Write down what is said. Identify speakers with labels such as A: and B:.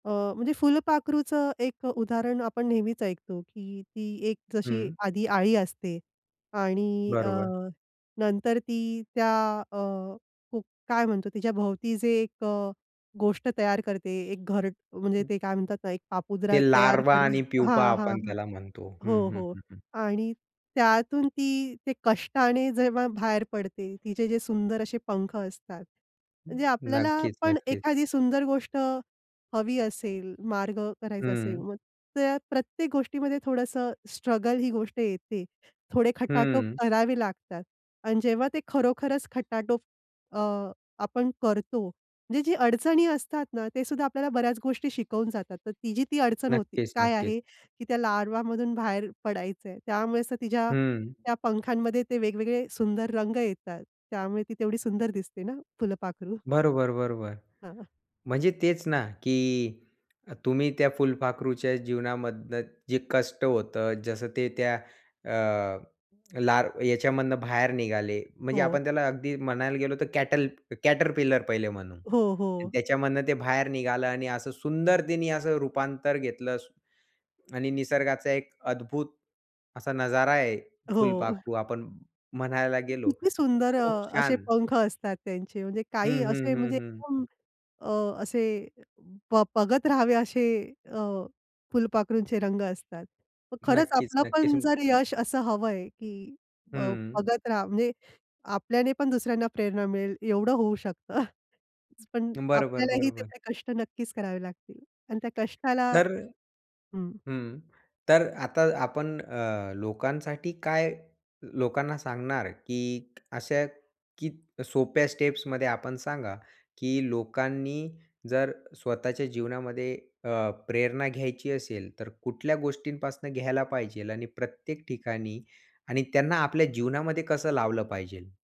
A: अ, म्हणजे फुलपाखरूचं एक अ, उदाहरण आपण नेहमीच ऐकतो, की ती एक जशी
B: हं.
A: आधी अळी असते आणि अ,
B: बरोबर.
A: नंतर ती त्या अ, खूप काय म्हणतो, तिच्याभोवती जे एक अ, गोष्ट तयार करते, एक घर म्हणजे
B: हं.
A: ते काय म्हणतात ना, एक पापुद्रा
B: ते
A: तयार
B: लार्वा
A: करते
B: आणि प्युपा
A: हां, हां,
B: आपण
A: हां.
B: त्याला म्हणतो. हं,
A: हो,
B: हं,
A: हो.
B: हं, हं.
A: आणि त्यातून ती ते कष्टाने जेव्हा बाहेर पडते, तिचे जे सुंदर असे पंख असतात, म्हणजे आपल्याला
B: नक्कीच,
A: पण,
B: नक्कीच.
A: एखादी सुंदर गोष्ट हवी असेल, मार्ग करायचा असेल,
B: हं.
A: मग त्या प्रत्येक गोष्टीमध्ये थोडंसं स्ट्रगल ही गोष्ट येते. थोडे खटाटोप
B: हं.
A: करावे लागतात आणि जेव्हा ते खरोखरच खटाटोप अ, आपण करतो, म्हणजे ज्या अडचणी असतात ना, तेसुद्धा आपल्याला बऱ्याच गोष्टी शिकवून जातात. तर तिची ती अडचण होती,
B: नक्कीच,
A: काय
B: नक्कीच.
A: आहे की त्या लार्वामधून बाहेर पडायचंय, त्यामुळे तर तिच्या
B: हं.
A: त्या पंखांमध्ये ते वेगवेगळे सुंदर रंग येतात, त्यामुळे ती तेवढी सुंदर दिसते ना फुलपाखरू.
B: बरोबर, बरोबर.
A: हां.
B: म्हणजे तेच ना, की तुम्ही त्या फुलपाखरूच्या जीवनामधनं जे कष्ट होतं, जसं ते त्या अ, लार याच्यामधनं बाहेर निघाले, म्हणजे
A: हो.
B: आपण त्याला अगदी म्हणायला गेलो तर कॅटल कॅटरपिलर पहिले म्हणू.
A: हो,
B: आणि
A: हो.
B: त्याच्यामधनं ते बाहेर निघालं आणि असं सुंदरतेने असं रूपांतर घेतलं स आणि निसर्गाचा एक अद्भुत असा नजारा आहे,
A: हो.
B: फुलपाखरू आपण म्हणायला गेलो.
A: किती
B: तर
A: सुंदर
B: खूप
A: अ, असे
B: छान.
A: पंख असतात त्यांचे. म्हणजे
B: हं,
A: काही
B: हं,
A: असे,
B: हं,
A: म्हणजे
B: हं.
A: एकदम अ, असे ब बघत राहावे, असे अ, फुलपाखरूंचे रंग असतात. मग खरंच
B: नक्कीच,
A: आपलं
B: नक्कीच.
A: पण जर यश असं हवंय, की अ,
B: हं.
A: बघत राहा म्हणजे आपल्याने पण दुसऱ्यांना प्रेरणा मिळेल एवढं होऊ शकतं. पण
B: बरोबर,
A: आपल्यालाही
B: बरोबर.
A: तेवढे कष्ट नक्कीच करावे लागतील आणि त्या कष्टाला
B: तर,
A: हं.
B: हं, तर आता आपण अ, ल लोकांसाठी काय लोकांना सांगणार, की अशा कीत सोप्या स्टेप्समध्ये आपण सांगा, की लोकांनी जर स्वतःच्या जीवनामध्ये अ, प्रेरणा घ्यायची असेल, तर कुठल्या गोष्टींपासनं घ्यायला पाहिजे आणि प्रत्येक ठिकाणी आणि त्यांना आपल्या जीवनामध्ये कसं लावलं पाहिजे?